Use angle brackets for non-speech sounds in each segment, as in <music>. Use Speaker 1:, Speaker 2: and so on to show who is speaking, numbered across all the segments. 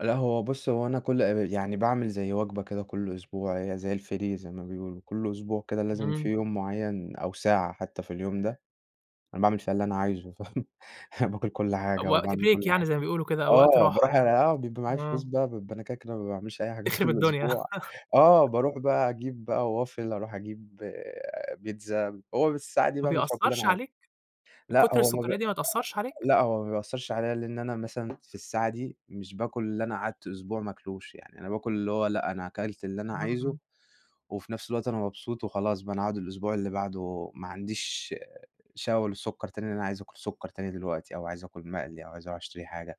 Speaker 1: لا هو بُص هو أنا كل <unintelligible> يعني باعمل زي وجبة كده كل أسبوع، هي زي الFree زي ما بيقولوا، كل أسبوع كده لازم في
Speaker 2: امم.
Speaker 1: يوم معين أو ساعة حتى في اليوم ده، أنا باعمل فيها اللي أنا عايزه، فاهم، أنا باكل كل حاجة
Speaker 2: وقت
Speaker 1: وباعمل كل
Speaker 2: بريك يعني
Speaker 1: حاجة.
Speaker 2: زي ما بيقولوا كده أو وقت
Speaker 1: آه،
Speaker 2: راحة
Speaker 1: باروح <unintelligible>
Speaker 2: يعني.
Speaker 1: آه، بيبقى معايا فلوس
Speaker 2: امم.
Speaker 1: بقى، بيبقى أنا كده، كده ما باعملش أي حاجة
Speaker 2: تخرب
Speaker 1: طول
Speaker 2: الدنيا.
Speaker 1: الأسبوع. آه،
Speaker 2: <chuckles>
Speaker 1: باروح بقى أجيب بقى Waffle أروح أجيب بيتزا، هو بس الساعة دي
Speaker 2: ما
Speaker 1: باعمل فيها كل اللي أنا
Speaker 2: بيأثرش
Speaker 1: عايزه.
Speaker 2: عليك؟
Speaker 1: لأ،
Speaker 2: كتر
Speaker 1: هو ما بي
Speaker 2: السكريات دي ما تأثرش عليك؟
Speaker 1: لأ، هو ما بيأثرش عليا لإن أنا مثلًا في الساعة دي مش باكل اللي أنا قعدت أسبوع ما آكلوش، يعني أنا باكل اللي هو لأ، أنا أكلت اللي أنا عايزه
Speaker 2: امم.
Speaker 1: وفي نفس الوقت أنا مبسوط وخلاص بقى، أنا هاقعد الأسبوع اللي بعده ما عنديش شهوة للسكَر تاني، لإن أنا عايز أكل سكر تاني دلوقتي أو عايز أكل مقلي أو عايز أروح أشتري حاجة.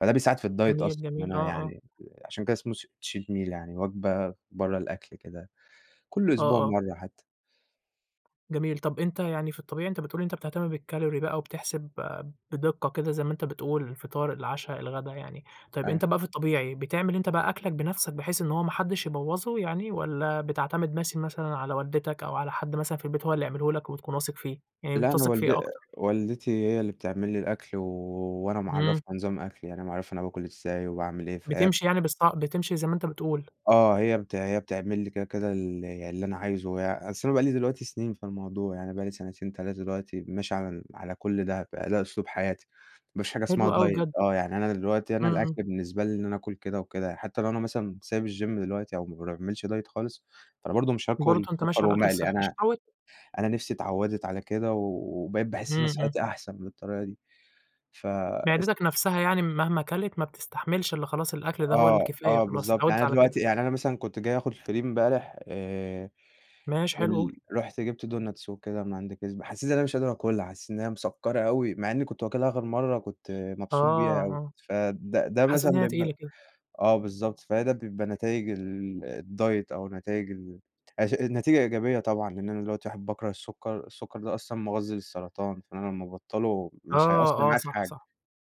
Speaker 1: فده بيساعد في الdiet
Speaker 2: جميل،
Speaker 1: أصلًا إن
Speaker 2: جميل.
Speaker 1: أنا
Speaker 2: آه، آه.
Speaker 1: يعني عشان كده اسمه س cheat meal يعني وجبة برّة الأكل كده، كل
Speaker 2: آه،
Speaker 1: أسبوع
Speaker 2: آه.
Speaker 1: مرة حتى.
Speaker 2: جميل. طب أنتَ يعني في الطبيعي أنتَ بتقول أنتَ بتهتم بالCalorie بقى وبتحسب بدقة كده زي ما أنتَ بتقول، الفطار، العشا، الغدا يعني. طيب أنتَ
Speaker 1: <unintelligible>
Speaker 2: بقى في الطبيعي بتعمل أنتَ بقى أكلَك بنفسَك بحيث إن هو ما حدش يبوظه يعني والّا بتعتمد مس مثلًا على والدتَك أو على حد مثلًا في البيت هو اللي يعمله لَك وبتكون واثق فيه، يعني
Speaker 1: لأ أنا
Speaker 2: بتثق في
Speaker 1: والد
Speaker 2: إيه أكتر؟
Speaker 1: والدتي هي اللي بتعمل لي الأكل و وأنا
Speaker 2: امم.
Speaker 1: معرّفها نظام أكلي. يعني أنا معرّفها أنا باكل إزاي وباعمل إيه، فهي
Speaker 2: بتمشي يعني بالص بتمشي زي ما أنتَ بتقول.
Speaker 1: آه، هي بت بتعمل لي كده، كده، ال اللي أنا عايزه. أصل أنا بقى لي دلوقتي سنين في الموضوع، يعني بقى لي سنتين، 3 دلوقتي ماشي على ال على كل ده، بقى ده أسلوب حياتي. ما فيش حاجة اسمها
Speaker 2: حلو أوي
Speaker 1: diet.
Speaker 2: بجد.
Speaker 1: آه، يعني أنا دلوقتي أنا
Speaker 2: امم، امم.
Speaker 1: الأكل بالنسبة لي إن أنا آكل كده وكده، حتى لو أنا مثلًا سايب الGym دلوقتي أو ما باعملش diet خالص، فأنا برضه مش هاكل
Speaker 2: برضه أنتَ
Speaker 1: سكر
Speaker 2: ماشي على الأكل
Speaker 1: ومقلي.
Speaker 2: الصحي
Speaker 1: أنا
Speaker 2: عشان اتعودت.
Speaker 1: أنا نفسي اتعودت على كده و وبقيت باحس إن أنا
Speaker 2: امم، امم.
Speaker 1: صحتي أحسن بالطريقة دي. فاس
Speaker 2: معدتَك نفسها يعني مهما أكلت ما بتستحملش الاّ خلاص الأكل ده هو
Speaker 1: آه،
Speaker 2: الكفاية
Speaker 1: آه
Speaker 2: خلاص،
Speaker 1: بالضبط يعني
Speaker 2: أتعودِت
Speaker 1: أنا
Speaker 2: على
Speaker 1: دلوقتي
Speaker 2: كده.
Speaker 1: يعني أنا مثلًا كنت جاي آخد الFree إمبارح آآ،
Speaker 2: ماشي حلو قُل.
Speaker 1: ال رُحت جبت Donuts وكده من عند Krispy، حسيت أنا مش قادر أكلها، حسيت إن هي مسكرة أوي، مع إني كنت واكلها آخر مرة كنت
Speaker 2: آه،
Speaker 1: مبسوط بيها أوي.
Speaker 2: آه.
Speaker 1: فده ده
Speaker 2: حسيت
Speaker 1: مثلًا
Speaker 2: إن هي
Speaker 1: بيبقى
Speaker 2: تقيلة كده.
Speaker 1: آه، بالضبط، فده بيبقى نتايج ال الdiet أو نتايج ال أش نتيجة إيجابية طبعًا. لأن أنا دلوقتي واحد باكره السكَر، السكَر ده أصلًا مغذي للسرطان، فإن أنا لما أبطله مش هيأثر
Speaker 2: آه، آه.
Speaker 1: معايا في
Speaker 2: صح،
Speaker 1: حاجة.
Speaker 2: صح.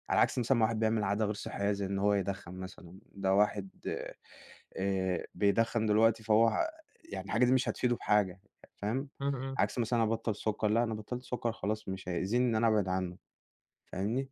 Speaker 1: على العكس مثلًا ما واحد بيعمل عادة غير صحية زي إن هو يدخن مثلًا، ده واحد آآ، آآ، بيدخن دلوقتي فهو، يعني الحاجة دي مش هتفيده بحاجة فاهم؟
Speaker 2: امم، امم.
Speaker 1: عكس مثلًا ابطل سكَر لا، أنا بطلت سكَر خلاص مش هيأذيني إن أنا أبعد عنه، فاهمني؟